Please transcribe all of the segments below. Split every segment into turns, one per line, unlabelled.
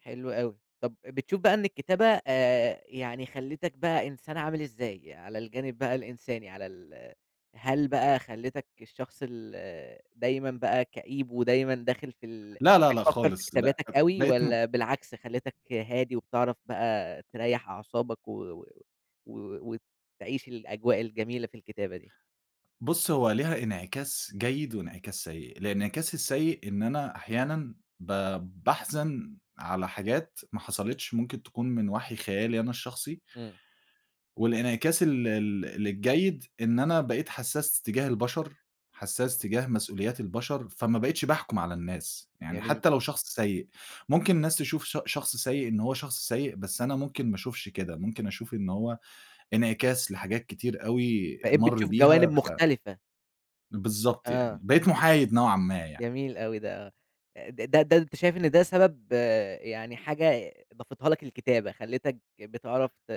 حلو أوي. طَب بتشوف بَقى إن الكتابة آآ، يعني خَلِّتَك بَقى إنسان عامل إزاي؟ على الجانب بَقى الإنساني، على ال هل بَقى خَلِّتَك الشخص ال دايمًا بَقى كئيب ودايمًا داخل في ال
لا، لا، لا
بتفكر في
خالص ب
كتاباتك أوي؟
بقيت م
والّا بالعكس خَلِّتَك هادي وبِتِعرَف بَقى تِرَيَّح أعصابك و و و وتعيش الأجواء الجميلة في الكتابة دي؟
بُص، هو ليها إنعكاس جيد وإنعكاس سيئ. الإنعكاس السيئ إن أنا أحيانًا ب باحزن على حاجات محصلتش ممكن تكون من وحي خيالي أنا الشخصي
إمم.
والإنعكاس ال ال الجيد إن أنا بقيت حسّاس تجاه البشر، حسّاس تجاه مسؤوليات البشر، فما بقيتش باحكُم على الناس. يعني
جميل.
حتى لو شخص سيئ، ممكن الناس تشوف ش شخص سيئ إن هو شخص سيئ، بس أنا ممكن ما اشوفش كده، ممكن أشوف إن هو إنعكاس لحاجات كتير أوي
بقيت
مَر
بتشوف جوانب
بيها، ف
مختلفة.
بالضبط يعني،
آه.
بقيت محايد نوعًا ما يعني.
جميل أوي ده، آه. د د ده أنت شايف إن ده سبب آآ، يعني حاجة ضافتها لك الكتابة، خَلِّتَك بِتِعرَف ت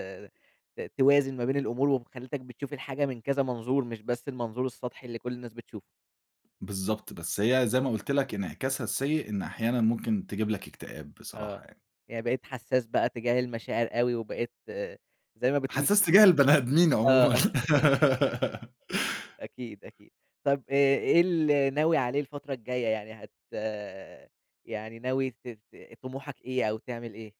ت توازن ما بين الأمور وخِلِّتَك بتشوف الحاجة من كذا منظور، مش بس المنظور السطحي اللي كل الناس بتشوفه.
بالضبط، بس هي زي ما قُلت لك إنعكاسها السيئ إن أحيانًا ممكن تجيب لك إكتئاب بصراحة
آه،
يعني.
يعني بقيت حساس بَقى تجاه المشاعر أوي وبقيت زي ما بتقول
حسّاس
كده
تجاه البني آدمين عمومًا.
آه. أكيد، أكيد، طَب آآ، إيه اللي ناوي عليه الفترة الجاية؟ يعني هت يعني ناوي ت ت طموحك إيه أو تعمل إيه؟